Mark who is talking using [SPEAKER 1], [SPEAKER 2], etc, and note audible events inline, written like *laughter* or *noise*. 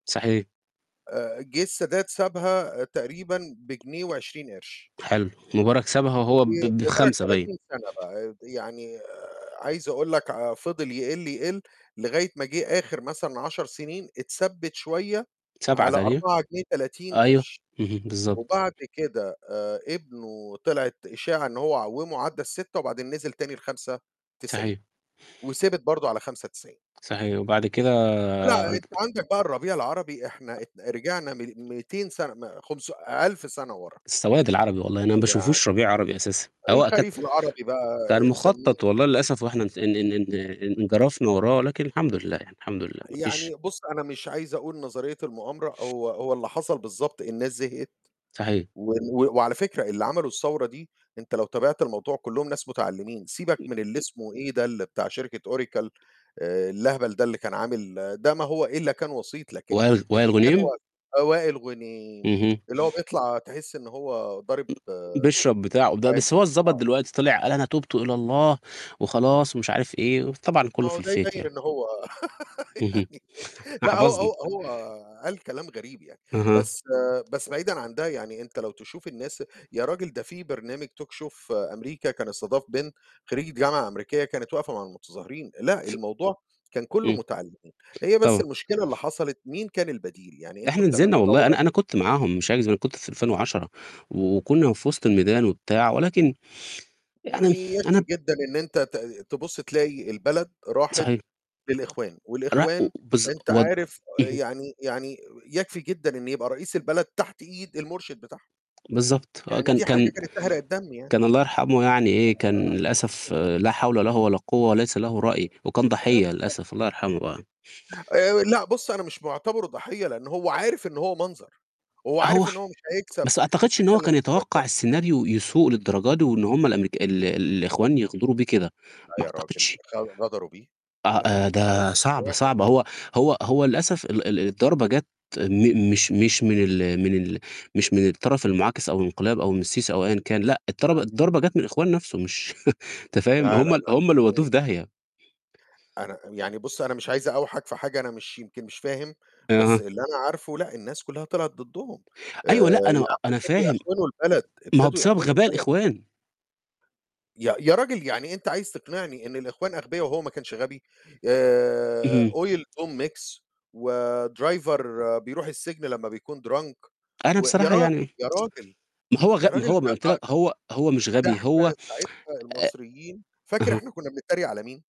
[SPEAKER 1] صحيح.
[SPEAKER 2] آآ، جِه السادات سابها تقريبًا بجنيه و20 قرش.
[SPEAKER 1] حلو مبارك سابها وهو ب
[SPEAKER 2] ومبارك
[SPEAKER 1] ب5 باين.
[SPEAKER 2] 30 سَنة بقى، يعني آآ، عايز أقول لك ع فضل يقل، يقل لغاية ما جِه آخر مثلًا 10 سِنين اتثبِّت شوية
[SPEAKER 1] 7
[SPEAKER 2] على
[SPEAKER 1] تانية
[SPEAKER 2] 4 جنيه 30
[SPEAKER 1] أيوه،
[SPEAKER 2] قرش
[SPEAKER 1] اهم، بالضبط.
[SPEAKER 2] وبعد كده آآ، ابنه طلعت إشاعة إن هو عوّمه عدّى ال6 وبعدين نزل تاني ل5.90
[SPEAKER 1] حيح.
[SPEAKER 2] وثبت برضه على 5.90.
[SPEAKER 1] صحيح وبعد كده
[SPEAKER 2] لأ، أنت
[SPEAKER 1] قلت
[SPEAKER 2] عندك بقى الربيع العربي إحنا ات رجعنا م ميتين سَنة ما خمس 1000 سَنة وَرا.
[SPEAKER 1] السواد العربي والله أنا ما
[SPEAKER 2] يعني
[SPEAKER 1] باشوفوش ربيع عربي أساسًا، هو أكد
[SPEAKER 2] الخريف العربي بقى
[SPEAKER 1] كان
[SPEAKER 2] تسمّيه
[SPEAKER 1] مخطّط والله للأسف وإحنا ف إن إن إن إن انجرفنا وراه لكن الحمد لله، يعني الحمد لله، ما فيش
[SPEAKER 2] يعني بُص، أنا مش عايز أقول نظرية المؤامرة، هو هو اللي حصل بالضبط الناس زهقت،
[SPEAKER 1] صحيح.
[SPEAKER 2] و و وعلى فكرة اللي عملوا الثورة دي أنت لو تابعت الموضوع كلّهم ناس متعلِّمين، سيبك من اللي اسمه إيه ده بتاع شركة أوراكل آآ، اللهبل ده اللي كان عامل ده ما هو إلّا كان وسيط، لكن
[SPEAKER 1] وائل وائل
[SPEAKER 2] اللي كان
[SPEAKER 1] غنيم؟
[SPEAKER 2] هو آه، وائل غُنيم
[SPEAKER 1] اهم.
[SPEAKER 2] اللي هو بيطلع تحس إن هو ضارب
[SPEAKER 1] بيشرب بتاعه د
[SPEAKER 2] حاجة،
[SPEAKER 1] بس هو اتضبط
[SPEAKER 2] آه.
[SPEAKER 1] دلوقتي طلع قال: "أنا تُبت إلى الله،" وخلاص ومش عارف إيه وطبعا
[SPEAKER 2] ما
[SPEAKER 1] كلّه
[SPEAKER 2] هو
[SPEAKER 1] في
[SPEAKER 2] ده
[SPEAKER 1] الfake
[SPEAKER 2] يبيّن
[SPEAKER 1] يعني.
[SPEAKER 2] إنه هو *laughs*
[SPEAKER 1] اهم،
[SPEAKER 2] يعني
[SPEAKER 1] إحنا
[SPEAKER 2] لأ، هو
[SPEAKER 1] حفظنا.
[SPEAKER 2] هو هو قال كلام غريب يعني،
[SPEAKER 1] أها.
[SPEAKER 2] بس بس بعيدًا عن ده، يعني أنت لو تشوف الناس يا رجل ده في برنامج talk show أمريكا كان استضاف بنت خرّيجة جامعة أمريكية كانت واقفة مع المتظاهرين، لأ، الموضوع كان كلّه
[SPEAKER 1] إمم.
[SPEAKER 2] مُتعلّمين، هي بس
[SPEAKER 1] طبعًا.
[SPEAKER 2] المشكلة اللي حصلت مين كان البديل، يعني أنتم
[SPEAKER 1] إحنا
[SPEAKER 2] بتعملوا
[SPEAKER 1] نزلنا والله،
[SPEAKER 2] ثورة
[SPEAKER 1] أنا أنا كنت معاهم مش هاكذب، أنا كنت في ألفين
[SPEAKER 2] بالضبط
[SPEAKER 1] وعشرة وكُنّا في وِسط الميدان وبتاع، ولكن يعني
[SPEAKER 2] يعني
[SPEAKER 1] أنا
[SPEAKER 2] يكفي
[SPEAKER 1] ب
[SPEAKER 2] جدًا إن أنت ت تبُص تلاقي البلد راحت
[SPEAKER 1] صحيح.
[SPEAKER 2] للإخوان،
[SPEAKER 1] لأ، و
[SPEAKER 2] والإخوان
[SPEAKER 1] بالض
[SPEAKER 2] أنت
[SPEAKER 1] ود
[SPEAKER 2] عارف
[SPEAKER 1] اهم.
[SPEAKER 2] يعني يعني يكفي جدًا إن يبقى رئيس البلد تحت إيد المُرشد بتاعهه.
[SPEAKER 1] بالضبط، آه،
[SPEAKER 2] يعني
[SPEAKER 1] كان
[SPEAKER 2] دي حاجة
[SPEAKER 1] كان
[SPEAKER 2] كانت تحرق الدم يعني.
[SPEAKER 1] كان الله يرحمه يعني إيه، كان للأسف
[SPEAKER 2] *unintelligible*
[SPEAKER 1] لا حول له ولا قوة وليس له رأي وكان
[SPEAKER 2] آه
[SPEAKER 1] ضحيّة
[SPEAKER 2] بالضبط.
[SPEAKER 1] للأسف، الله يرحمه بقى.
[SPEAKER 2] آآ لأ بُص، أنا مش معتبره ضحيّة لأن هو عارف إن هو منظر، هو
[SPEAKER 1] هو
[SPEAKER 2] عارف إن هو مش هيكسب
[SPEAKER 1] بس ما أعتقدش إن
[SPEAKER 2] أساسًا
[SPEAKER 1] هو كان
[SPEAKER 2] الانتخابات
[SPEAKER 1] يتوقّع
[SPEAKER 2] لوحده.
[SPEAKER 1] السيناريو يسوء للدرجة دي وإن هم الأمرك ال ال الإخوان يغضروا بيه بكده،
[SPEAKER 2] لأ،
[SPEAKER 1] ما
[SPEAKER 2] يا راجل
[SPEAKER 1] أعتقدش
[SPEAKER 2] غ غدروا بيه،
[SPEAKER 1] آه،
[SPEAKER 2] لأ هم
[SPEAKER 1] آآ
[SPEAKER 2] هم
[SPEAKER 1] ده صعبة،
[SPEAKER 2] *unintelligible*
[SPEAKER 1] صعبة، هو هو هو للأسف ال ال
[SPEAKER 2] *unintelligible*
[SPEAKER 1] الضربة جات م مش مش من ال من ال مش من الطرف المعاكس أو الانقلاب أو من السيسي أو أيًا كان لأ، الترب
[SPEAKER 2] *unintelligible*
[SPEAKER 1] الضربة جات من الإخوان نَفْسه مش *chuckles* أنت فاهم،
[SPEAKER 2] لا، لا،
[SPEAKER 1] هم
[SPEAKER 2] لأ،
[SPEAKER 1] هم اللي ودّوه
[SPEAKER 2] إزاي؟
[SPEAKER 1] في داهية.
[SPEAKER 2] أنا يعني بُص، أنا مش عايز أقاوحك في حاجة أنا مش يمكن مش فاهم، بس
[SPEAKER 1] أها.
[SPEAKER 2] اللي أنا عارفه لأ الناس كلّها طلعت ضدهم، آآ،
[SPEAKER 1] أيوه
[SPEAKER 2] يا
[SPEAKER 1] لأ، أنا
[SPEAKER 2] عم
[SPEAKER 1] أنا
[SPEAKER 2] ابتدوا
[SPEAKER 1] فاهم.
[SPEAKER 2] يأخونوا البلد،
[SPEAKER 1] ما هو
[SPEAKER 2] ابتدوا
[SPEAKER 1] بسبب
[SPEAKER 2] يأخونوا
[SPEAKER 1] غباء
[SPEAKER 2] البلد.
[SPEAKER 1] الإخوان.
[SPEAKER 2] يا يا رجل يعني أنت عايز تقنعني إن الإخوان أغبيه وهو ما كانش غبي! آآ،
[SPEAKER 1] اهم.
[SPEAKER 2] oil to mix وdriver بيروح السجن لمّا بيكون drunk
[SPEAKER 1] أنا
[SPEAKER 2] و يا
[SPEAKER 1] بصراحة
[SPEAKER 2] رجل،
[SPEAKER 1] يعني
[SPEAKER 2] يا رجل!
[SPEAKER 1] ما هو غ
[SPEAKER 2] يا
[SPEAKER 1] ما
[SPEAKER 2] رجل
[SPEAKER 1] هو
[SPEAKER 2] ده
[SPEAKER 1] ما قُلت لك
[SPEAKER 2] *unintelligible*
[SPEAKER 1] هو هو مش
[SPEAKER 2] ده
[SPEAKER 1] غبي
[SPEAKER 2] إحنا
[SPEAKER 1] هو
[SPEAKER 2] ساعدنا
[SPEAKER 1] *tsk* آآ
[SPEAKER 2] المصريين فاكر
[SPEAKER 1] أها.
[SPEAKER 2] إحنا كنا بنترّيق على مين؟